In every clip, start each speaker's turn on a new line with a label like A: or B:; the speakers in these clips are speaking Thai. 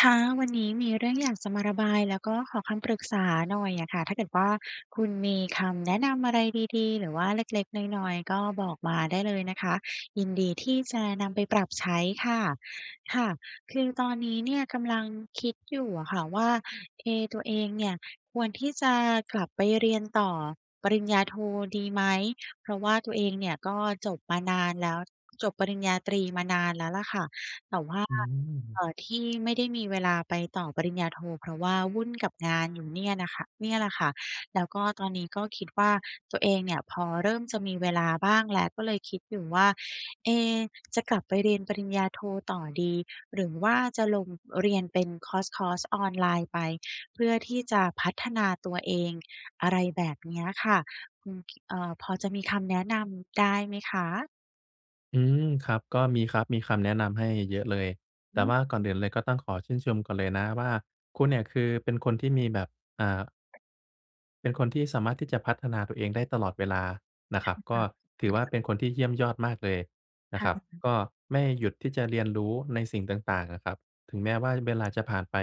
A: ค่ะ วันนี้มีเรื่องอยากจะมาระบาย แล้วก็ขอคำปรึกษาหน่อยอะค่ะ ถ้าเกิดว่าคุณมีคำแนะนำอะไรดี ๆ หรือว่าเล็ก ๆ น้อย ๆ ก็บอกมาได้เลยนะคะ ยินดีที่จะนำไปปรับใช้ค่ะ ค่ะ คือตอนนี้เนี่ยกำลังคิดอยู่อะค่ะว่า เอ ตัวเองเนี่ย ควรที่จะกลับไปเรียนต่อปริญญาโทดีไหม? เพราะว่าตัวเองเนี่ยก็จบมานานแล้ว จบปริญญาตรีมานานแล้วล่ะค่ะ แต่ว่า
B: อ
A: เอ
B: ืม
A: ่อ ที่ไม่ได้มีเวลาไปต่อปริญญาโท เพราะว่าวุ่นกับงานอยู่เนี่ยน่ะค่ะ เนี่ยแหละค่ะ แล้วก็ตอนนี้ก็คิดว่า ตัวเองเนี่ย พอเริ่มจะมีเวลาบ้างแล้ว ก็เลยคิดอยู่ว่า เอ จะกลับไปเรียนปริญญาโทต่อดี หรือว่าจะลงเรียนเป็นคอร์ส คอร์สออนไลน์ไป เพื่อที่จะพัฒนาตัวเอง อะไรแบบเนี้ยค่ะ อืม เอ่อ พอจะมีคำแนะนำได้ไหมคะ?
B: อืม ครับ ก็มีครับ มีคำแนะนำให้เยอะเลย แต่
A: อือ
B: ว่าก่อนอื่นเลย ก็ต้องขอชื่นชมก่อนเลยนะว่า คุณเนี่ยคือเป็นคนที่มีแบบ อ่า เป็นคนที่สามารถที่จะพัฒนาตัวเองได้ตลอดเวลานะ
A: ค
B: คร
A: ่
B: ับ
A: ะ
B: ก็ถือว่าเป็นคนที่เยี่ยมยอดมากเลยน
A: ค
B: ะ
A: ่
B: ครับ
A: ะ
B: ก็ไม่หยุดที่จะเรียนรู้ในสิ่งต่าง ๆ อะครับ ถึงแม้ว่าเวลาจะผ่านไป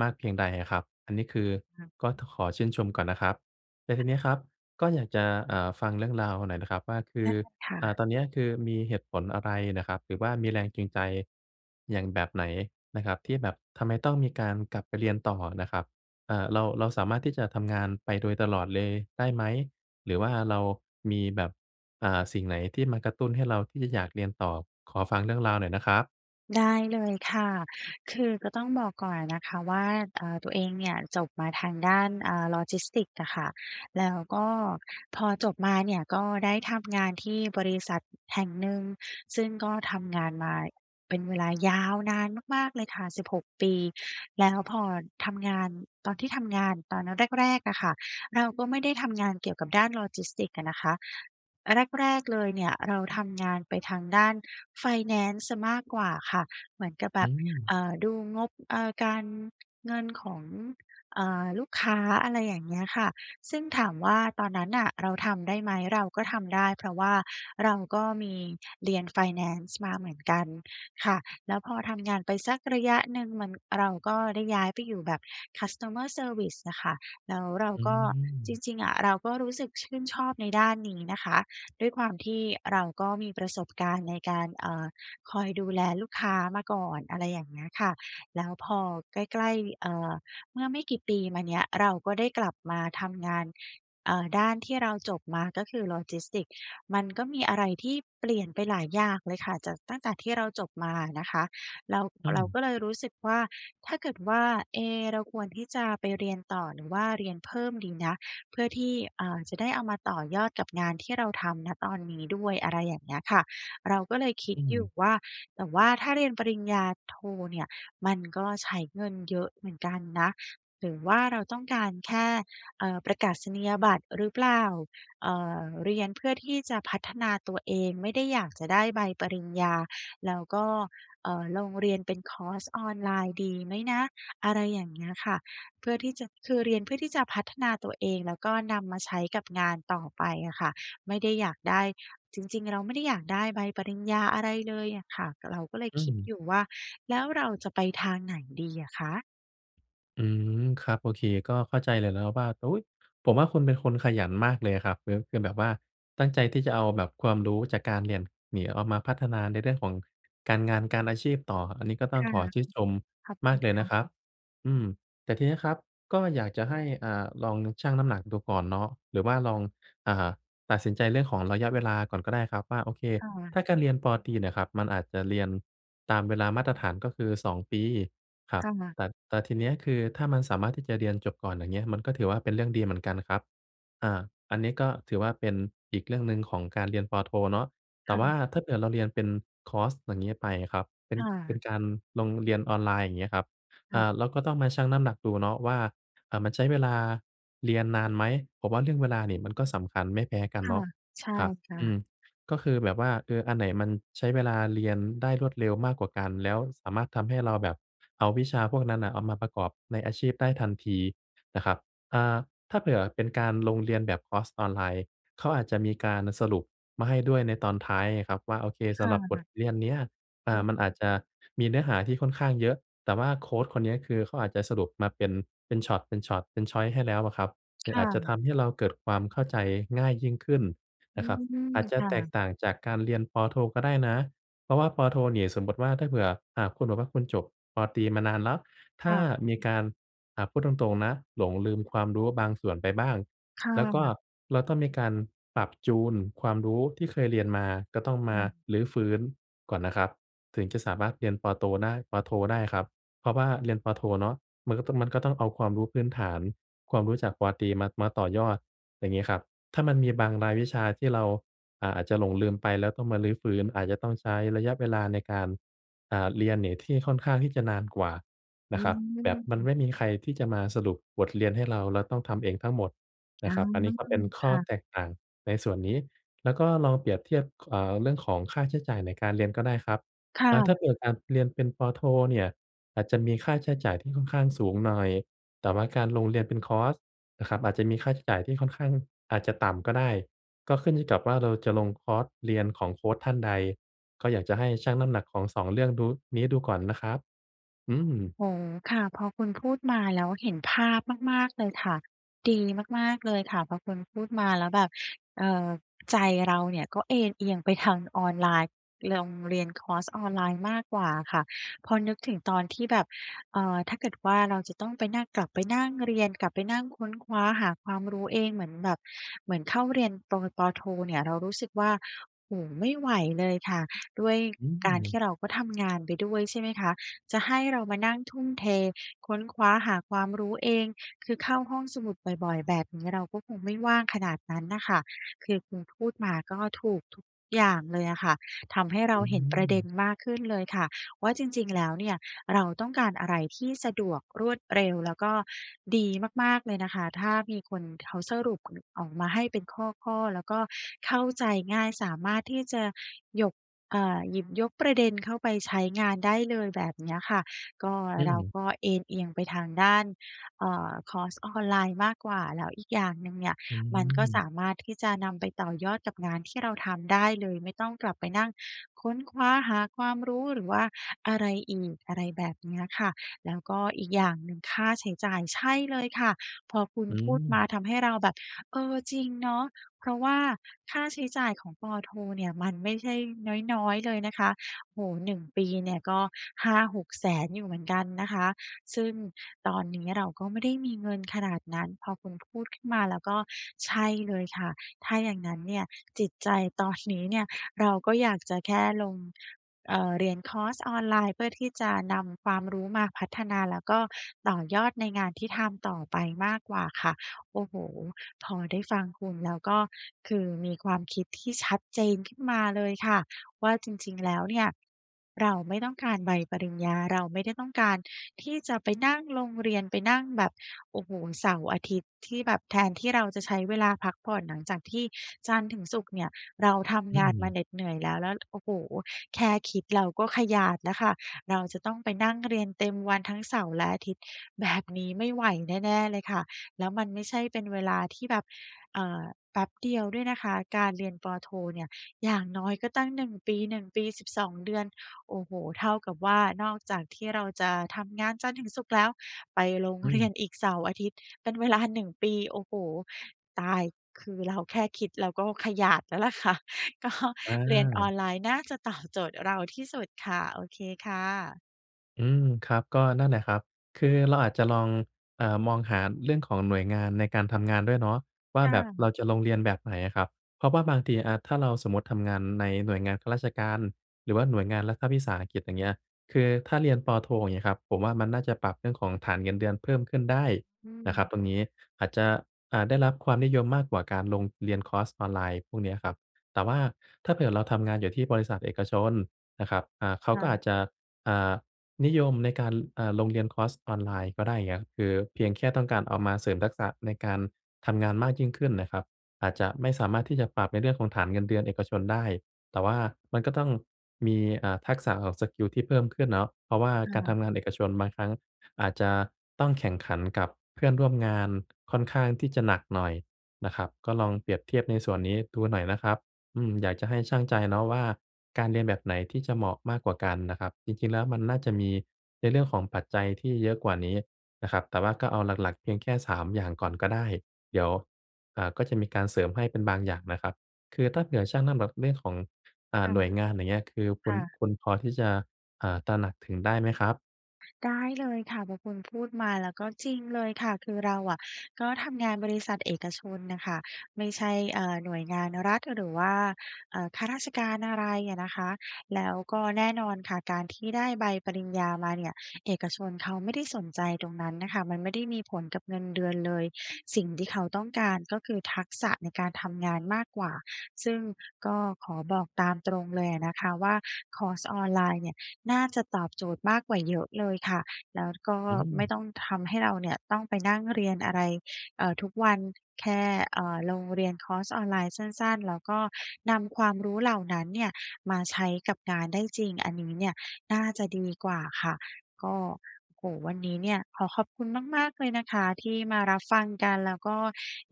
B: มากเพียงใดอะครับ อันนี้คือ
A: ค่ะ
B: ก็ต้องขอชื่นชมก่อนนะครับ แต่ที
A: ค่
B: นี้
A: ะ
B: ครับก็อยากจะ อ่า ฟังเรื่องราวหน่อยนะครับ ว่าคื
A: ได
B: อ
A: ้ค่
B: อ่า
A: ะ
B: ตอนนี้คือมีเหตุผลอะไรน่ะครับ หรือว่ามีแรงจูงใจ อย่าง แบบไหนนะครับ ที่แบบทำไมต้องมีการกลับไปเรียนต่อน่ะครับ อ่า เรา เราสามารถที่จะทำงานไปโดยตลอดเลยได้ไหม? หรือว่า
A: อือ
B: เรามีแบบ อ่า สิ่งไหนที่มากระตุ้นให้เราที่จะอยากเรียนต่อ? ขอฟังเรื่องราวหน่อยนะครับ
A: ได้เลยค่ะ คือก็ต้องบอกก่อนอะนะคะว่า อ่า ตัวเองเนี่ยจบมาทางด้าน อ่า logistics อะค่ะ แล้วก็พอจบมาเนี่ยก็ได้ทำงานที่บริษัทแห่งหนึ่ง ซึ่งก็ทำงานมาเป็นเวลายาวนานมาก ๆ เลยค่ะ 16 ปี แล้วพอทำงาน ตอนที่ทำงานตอนแรก ๆ อะค่ะ เราก็ไม่ได้ทำงานเกี่ยวกับด้าน logistics อะนะคะ แรก ๆ เลยเนี่ยเราทำงานไปทางด้านไฟแนนซ์เสียมากกว่าค่ะ เหมือนกับแ
B: อ
A: บ
B: ื
A: บ
B: ม
A: เอ่อ ดูงบ เอ่อ การเงินของ อ่า ลูกค้า อะไรอย่างเงี้ยค่ะ ซึ่งถามว่าตอนนั้นน่ะเราทำได้ไหม เราก็ทำได้เพราะว่าเราก็มีเรียนไฟแนนซ์มาเหมือนกันค่ะ แล้วพอทำงานไปสักระยะหนึ่งมัน เราก็ได้ย้ายไปอยู่แบบ customer service อะค่ะ แล้วเรา
B: อื
A: ก็ จ
B: ม
A: ริง ๆ อะ เราก็รู้สึกชื่นชอบในด้านนี้นะคะ ด้วยความที่เราก็มีประสบการณ์ในการ เอ่อ คอยดูแลลูกค้ามาก่อน อะไรอย่างเงี้ยค่ะ แล้วพอใกล้ ๆ เอ่อ เมื่อไม่กี่ปีมาเนี้ย เราก็ได้กลับมาทำงาน เอ่อ ด้านที่เราจบมาก็คือ Logistics มันก็มีอะไรที่เปลี่ยนไปหลายอย่างเลยค่ะ จากตั้งแต่ที่เราจบมาอะนะคะ เรา
B: อื
A: เรา
B: ม
A: ก็เลยรู้สึกว่าถ้าเกิดว่า เอ๊ะ เราควรที่จะไปเรียนต่อหรือว่าเรียนเพิ่มดีนะ เพื่อที่ อ่า จะได้เอามาต่อยอดกับงานที่เราทำ ณ ตอนนี้ด้วย อะไรอย่างเงี้ยค่ะ เราก็เลยคิ
B: อ
A: ด
B: ื
A: อยู
B: ม
A: ่ว่า แต่ว่าถ้าเรียนปริญญาโทเนี่ยมันก็ใช้เงินเยอะเหมือนกันนะ หรือว่าเราต้องการแค่ เอ่อ ประกาศนียบัตรหรือเปล่า เอ่อ เรียนเพื่อที่จะพัฒนาตัวเอง ไม่ได้อยากจะได้ใบปริญญา แล้วก็ เอ่อ ลงเรียนเป็นคอร์สออนไลน์ดีไหมนะ อะไรอย่างเงี้ยค่ะ เพื่อที่จะ คือเรียนเพื่อที่จะพัฒนาตัวเองแล้วก็นำมาใช้กับงานต่อไปอะค่ะ ไม่ได้อยากได้ จริง ๆ เราไม่ได้อยากได้ใบปริญญาอะไรเลยอะค่ะ เราก็เลย
B: อื
A: คิด
B: ม
A: อยู่ว่า แล้วเราจะไปทางไหนดีอะคะ?
B: อืม ครับ โอเค ก็เข้าใจเลยแล้วครับว่า อุ๊ย ผมว่าคุณเป็นคนขยันมากเลยอะครับ คือ คือแบบว่าตั้งใจที่จะเอาแบบความรู้จากการเรียน หนีเอามา มาพัฒนาในเรื่องของการงาน การอาชีพต่อ อันนี้ก็ต้อ
A: ค
B: ง
A: ่ะ
B: ขอชื่นชม
A: ขอบ
B: ม
A: คุ
B: าก
A: ณ
B: เลย
A: ค
B: น
A: ่
B: ะครับ
A: ะ
B: อืม แต่ทีนี้ครับก็อยากจะให้ อ่า ลอง น ชั่งน้ำหนักดูก่อนเนาะ หรือว่าลอง อ่า ตัดสินใจเรื่องของระยะเวลาก่อนก็ได้ครับว่า โอเค
A: ค่
B: ถ
A: ะ
B: ้าจะเรียน ป.ตรี เนี่ยครับ มันอาจจะเรียนตามเวลามาตรฐาน ก็คือ 2 ปีครั
A: ค
B: บ
A: ่ะ
B: แต่ แต่ทีนี้อะคือถ้ามันสามารถที่จะเรียนจบก่อน อย่างเงี้ย มันก็ถือว่าเป็นเรื่องดีเหมือนกันครับ อา อันนี้ก็ถือว่าเป็นอีกเรื่องหนึ่งของการ เรียน ป.โท เนาะ แต
A: ค
B: ่
A: ่
B: ว่า
A: ะ
B: ถ้าเผื่อเราเรียนเป็นคอร์ส อย่างงี้ไปอะครับ เป็น
A: ค่
B: เป็
A: ะ
B: นการลงเรียนออนไลน์ อย่างเงี้ยครับ
A: ค
B: อ
A: ่
B: ่
A: ะ
B: า เราก็ต้องมาชั่งน้ำหนักดูเนาะว่า อ่า มันใช้เวลาเรียนนานไหม? ผมว่าเรื่องเวลานี่มันก็สำคัญไม่แพ้กัน
A: ค
B: เ
A: ่
B: น
A: ะ
B: าะ
A: ใช่
B: ครับ
A: ค่
B: อื
A: ะ
B: ม ก็คือแบบว่า เออ อันไหนมันใช้เวลาเรียนได้รวดเร็วมากกว่ากัน แล้วสามารถทำให้เราแบบเอาวิชาพวกนั้นน่ะเอามาประกอบในอาชีพได้ทันทีนะครับ อ่า ถ้าเผื่อเป็นการลงเรียนแบบคอร์สออนไลน์ เขาอาจจะมีการสรุปมาให้ด้วยในตอนท้ายไงครับว่า โอเค
A: ค
B: สำหรับบ
A: ่
B: ท
A: ะ
B: เรียนเนี้ย อ่
A: อ
B: า
A: ือ
B: มันอาจจะมีเนื้อหาที่ค่อนข้างเยอะ แต่ว่าโคชคนนี้อะ คือเขาอาจจะสรุปมาเป็น เป็นช็อต เป็นช็อต เป็น ชอยซ์ ให้แล้วอะครับ หรื
A: ค
B: ออ
A: ่
B: าจจะ
A: ะ
B: ทำให้เราเกิดความเข้าใจง่ายยิ่งขึ้น
A: อื
B: นะครับ อ
A: ม
B: าจจะ
A: ค่
B: แตก
A: ะ
B: ต่างจากการเรียน ป.โท ก็ได้นะ เพราะว่า ป.โท นี่ สมมติว่าถ้าเผื่อ อ่า คุณบอกว่าคุณจบ ป.ตรี มานานแล้ว ถ
A: ค
B: ้า
A: ่ะ
B: มีการ อ่า พูดตรง ๆ นะ หลงลืมความรู้บางส่วนไปบ้าง
A: ค่
B: แล้วก็
A: ะ
B: เราต้องมีการปรับจูนความรู้ที่เคยเรียนมา ก็ต้องม
A: ค
B: า
A: ่ะ
B: รื้อฟื้นก่อนนะครับถึงจะสามารถเรียนปอโตได้ ป.โท ได้ครับ เพราะว่าเรียน ป.โท เนาะ มันก็ ต มันก็ต้องเอาความรู้พื้นฐาน ความรู้จาก ป.ตรี มา มาต่อยอด ไรงี้ครับ ถ้ามันมีบางรายวิชาที่เรา อ่า อาจจะหลงลืมไปแล้วต้องมารื้อฟื้น อาจจะต้องใช้ระยะเวลาในการ อ่า เรียนนี่ที่ค่อนข้างที่จะนานกว่า
A: อ
B: น
A: ื
B: ะครับ แบบมัน
A: ม
B: ไม่มีใครที่จะมาสรุปบทเรียนให้เรา เราต้องทำเองทั้งหมด
A: อ
B: น
A: ื
B: ะครับ อันน
A: ม
B: ี้ก็เป็นข
A: ค
B: ้อ
A: ่ะ
B: แตกต่างในส่วนนี้ แล้วก็ลองเปรียบเทียบ ค อ่า เรื่องของค่าใช้จ่ายในการเรียนก็ได้ครับ
A: ค่
B: อา ถ้า
A: ะ
B: เกิด อะ เรียนเป็น ป.โท เนี่ย อาจจะมีค่าใช้จ่ายที่ค่อนข้างสูงหน่อย แต่ว่าการลงเรียนเป็นคอร์สนะครับ อาจจะมีค่าใช้จ่ายที่ค่อนข้าง อาจจะต่ำก็ได้ ก็ขึ้นอยู่กับว่าเราจะลงคอร์สเรียนของโคชท่านใด ก็อยากจะให้ชั่งน้ำหนักของ 2 เรื่องดู นี้ดูก่อนนะครับ อืม
A: โอ้โฮ ค่ะ พอคุณพูดมาแล้วเห็นภาพมาก ๆ เลยค่ะ ดีมาก ๆ เลยค่ะ พอคุณพูดมาแล้วแบบ เอ่อ ใจเราเนี่ยก็เอนเอียงไปทางออนไลน์ ลงเรียนคอร์สออนไลน์มากกว่าอะค่ะ พอนึกถึงตอนที่แบบ เอ่อ ถ้าเกิดว่าเราจะต้องไปนั่ง กลับไปนั่งเรียน กลับไปนั่งค้นคว้าหาความรู้เองเหมือนแบบ เหมือนเข้าเรียน ป. ว ป.โท เนี่ยเรารู้สึกว่า โอ้โฮ ไม่ไหวเลยค่ะ ด้วย
B: อื
A: การท
B: ม
A: ี่เราก็ทำงานไปด้วย ใช่ไหมคะ จะให้เรามานั่งทุ่มเทค้นคว้าหาความรู้เอง คือเข้าห้องสมุดบ่อย ๆ แบบนี้เราก็คงไม่ว่างขนาดนั้นน่ะค่ะ คือคุณพูดมาก็ถูกทุกอย่างเลยอะค่ะ ทำให้เร
B: อ
A: า
B: ื
A: เห็นประเด็น
B: ม
A: มากขึ้นเลยค่ะ ว่าจริง ๆ แล้วเนี่ยเราต้องการอะไรที่สะดวก รวดเร็ว แล้วก็ดีมาก ๆ เลยนะคะ ถ้ามีคนเขาสรุปออกมาให้เป็นข้อ ๆ แล้วก็เข้าใจง่าย สามารถที่จะหยก อ่า หยิบยกประเด็นเข้าไปใช้งานได้เลย แบบเนี้ยค่ะ ก็
B: อื
A: เรา
B: ม
A: ก็เอนเอียงไปทางด้าน เอ่อ คอร์สออนไลน์มากกว่า แล้วอีกอย่างหนึ่งเนี่ย
B: อื
A: มันก็ส
B: ม
A: ามารถที่จะนำไปต่อยอดกับงานที่เราทำได้เลย ไม่ต้องกลับไปนั่งค้นคว้าหาความรู้ หรือว่าอะไรอีก อะไรแบบเนี้ยค่ะ แล้วก็อีกอย่างหนึ่งค่าใช้จ่าย ใช่เลยค่ะ พอคุณ
B: อ
A: พูดมา
B: ืม
A: ทำให้เราแบบ เออ จริงเนาะ เพราะว่าค่าใช้จ่ายของ ป.โท เนี่ยมันไม่ใช่น้อย ๆ เลยนะคะ โอ้โฮ 1 ปีเนี่ย ก็ 500,000-600,000 อยู่เหมือนกันนะคะ ซึ่งตอนนี้เราก็ไม่ได้มีเงินขนาดนั้น พอคุณพูดขึ้นมาแล้วก็ใช่เลยค่ะ ถ้าอย่างงั้นเนี่ย จิตใจตอน นี้ เนี่ยเราก็อยากจะแค่ลง เอ่อ เรียนคอร์สออนไลน์ เพื่อที่จะนำความรู้มาพัฒนาแล้วก็ต่อยอดในงานที่ทำต่อไปมากกว่าค่ะ โอ้โฮ พอได้ฟังคุณแล้ว ก็คือมีความคิดที่ชัดเจนขึ้นมาเลยค่ะว่า จริง ๆ แล้วเนี่ย เราไม่ต้องการใบปริญญา เราไม่ได้ต้องการที่จะไปนั่งลงเรียน ไปนั่งแบบ โอ้โฮ เสาร์ อาทิตย์ ที่แบบแทนที่เราจะใช้เวลาพักผ่อนหลังจากที่จันทร์ถึงศุกร์เนี่ยเราท
B: อื
A: ำงานมา
B: ม
A: เหน็ดเหนื่อยแล้ว แล้ว โอ้โฮ แค่คิดเราก็ขยาดแล้วค่ะ เราจะต้องไปนั่งเรียนเต็มวันทั้งเสาร์และอาทิตย์ แบบ นี้ไม่ไหวแน่ ๆ เลยค่ะ แล้วมันไม่ใช่เป็นเวลาที่แบบ เอ่อ แป๊บเดียวด้วยนะคะ การเรียน ป.โท เนี่ย อย่างน้อยก็ตั้ง 1 ปี 1 ปี 12 เดือน โอ้โฮ เท่ากับว่า นอกจากที่เราจะทำงานจันทร์ถึงศุกร์แล้ว ไปลง
B: อื
A: เรี
B: ม
A: ยน อีกเสาร์อาทิตย์เป็น เวลา 1 ปี โอ้โฮ ตาย คือเราแค่คิดเราก็ขยาด แล้วล่ะ ค่ะ ก็
B: อ
A: เรียนอ
B: า
A: อนไลน์น่าจะ ตอบ โจทย์เราที่สุดค่ะ โอเคค่ะ
B: อืม ครับ ก็นั่นแหละครับ คือเราอาจจะลอง อ่า มองหาเรื่องของหน่วยงานในการทำงานด้วยเนาะว่า
A: ค่
B: แบบเรา
A: ะ
B: จะลงเรียนแบบไหนอะครับ เพราะว่าบางที อา ถ้าเราสมมุติทำงานในหน่วยงานข้าราชการ หรือว่าหน่วยงานรัฐวิสาหกิจ อย่างเงี้ย คือถ้าเรียน ป.โท อย่างเงี้ยครับ ผมว่ามันน่าจะปรับเรื่องของฐานเงินเดือนเพิ่มขึ้นได้
A: อื
B: นะครับ
A: ม
B: ตรงนี้ อาจจะ อ่า ได้รับความนิยมมากกว่าการลงเรียนคอร์สออนไลน์พวกเนี้ยครับ แต่ว่าถ้าเผื่อเราทำงานอยู่ที่บริษัทเอกชนนะครับ อ่า เขา
A: ค่
B: ก็อ
A: ะ
B: าจจะ อ่า นิยมในการ ล อ่า ลงเรียนคอร์สออนไลน์ก็ได้ อย่างเงี้ย คือเพียงแค่ต้องการเอามาเสริมทักษะในการทำงานมากยิ่งขึ้นน่ะครับ อาจจะไม่สามารถที่จะปรับในเรื่องของฐานเงินเดือนเอกชนได้ แต่ว่ามันก็ต้องมี อ่า ทักษะออกสกิลที่เพิ่มขึ้นเนาะ เพราะว่า
A: ค่
B: การท
A: ะ
B: ำงานเอกชนบางครั้งอาจจะต้องแข่งขันกับเพื่อนร่วมงานค่อนข้างที่จะหนักหน่อยนะครับ ก็ลองเปรียบเทียบในส่วนนี้ดูหน่อยนะครับ อืม อยากจะให้ชั่งใจเนาะว่า การเรียนแบบไหนที่จะเหมาะมากกว่ากันน่ะครับ จริง ๆ แล้วมันน่าจะมีในเรื่องของปัจจัยที่เยอะกว่านี้นะครับ แต่ว่าก็เอาหลัก ๆ เพียงแค่ 3 อย่างก่อนก็ได้ เดี๋ยว อ่า ก็จะมีการเสริมให้เป็นบางอย่างนะครับ คือถ้าเผื่อชั่งน้ำแบบ เรื่องของ อ่
A: ค
B: า
A: ่ะ
B: หน่วยงาน อย่างเงี้ย คือค
A: ค
B: ุณ
A: ่ะ
B: คุณพอที่จะ อ่า ตระหนักถึงได้ไหมครับ?
A: ได้เลยค่ะ พอคุณพูดมาแล้วก็จริงเลยค่ะ คือเราอะ ก็ทำงานบริษัทเอกชนน่ะค่ะ ไม่ใช่ เอ่อ หน่วยงานรัฐ หรือว่า เอ่อ ข้าราชการ อะไรอะนะคะ แล้วก็แน่นอนค่ะ การที่ได้ใบปริญญามาเนี่ย เอกชนเขาไม่ได้สนใจตรงนั้นน่ะค่ะ มันไม่ได้มีผลกับเงินเดือนเลย สิ่งที่เขาต้องการ ก็คือ ทักษะในการทำงานมากกว่า ซึ่งก็ขอบอกตามตรงเลยอะนะคะว่า คอร์สออนไลน์เนี่ย น่าจะตอบโจทย์มากกว่าเยอะเลยค่ะ แล้วก็
B: อื
A: ไม
B: ม
A: ่ต้องทำให้เราเนี่ย ต้องไปนั่งเรียนอะไร เอ่อ ทุกวัน แค่ เอ่อ ลงเรียนคอร์สออนไลน์สั้น ๆ แล้วก็นำความรู้เหล่านั้นเนี่ย มาใช้กับงานได้จริง อันนี้เนี่ยน่าจะดีกว่าค่ะ ก็ โอ้โฮ วันนี้เนี่ยขอขอบคุณมาก ๆ เลยนะคะ ที่มารับฟังกัน แล้วก็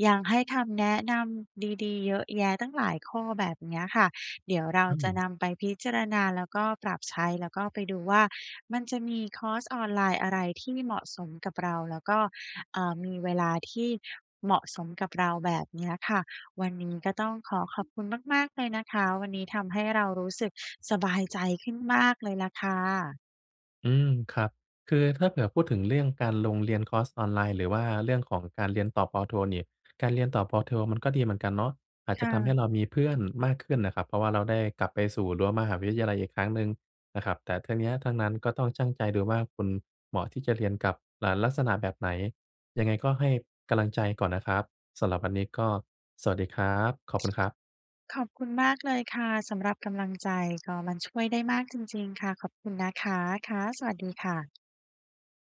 A: ยังให้คำแนะนำดี ๆ เยอะแยะตั้งหลายข้อ แบบเนี้ยค่ะ เดี๋ยวเรา
B: อื
A: จะ
B: ม
A: นำไปพิจารณา แล้วก็ปรับใช้ แล้วก็ไปดูว่า มันจะมีคอร์สออนไลน์อะไรที่เหมาะสมกับเรา แล้วก็ เอ่อ มีเวลาที่เหมาะสมกับเรา แบบนี้อะค่ะ วันนี้ก็ต้องขอขอบคุณมาก ๆ เลยนะคะ วันนี้ทำให้เรารู้สึกสบายใจขึ้นมากเลยล่ะค่ะ
B: อืม ครับ คือถ้าเผื่อพูดถึงเรื่องการลงเรียนคอร์สออนไลน์ หรือว่าเรื่องของการเรียนต่อ ป.โท นี่ การเรียนต่อ ป.โท มันก็ดีเหมือนกันเนาะ อาจ
A: ค
B: จ
A: ่
B: ะทำให
A: ะ
B: ้เรามีเพื่อน มากขึ้นน่ะครับ เพราะว่าเราได้กลับไปสู่รั้วมหาวิทยาลัยอีกครั้งหนึ่งนะครับ แต่ทั้งเนี้ยทั้งนั้นก็ต้องชั่งใจดูว่า คุณเหมาะที่จะเรียนกับ อ่า ลักษณะแบบไหน? ยังไงก็ให้กำลังใจ ก่อนนะครับ สำหรับวันนี้ก็สวัสดีครับ ขอบคุณครับ
A: ขอบคุณมากเลยค่ะ สำหรับกำลังใจ ก็มันช่วยได้มากจริง ๆ ค่ะ ขอบคุณนะคะ ค่ะ สวัสดีค่ะ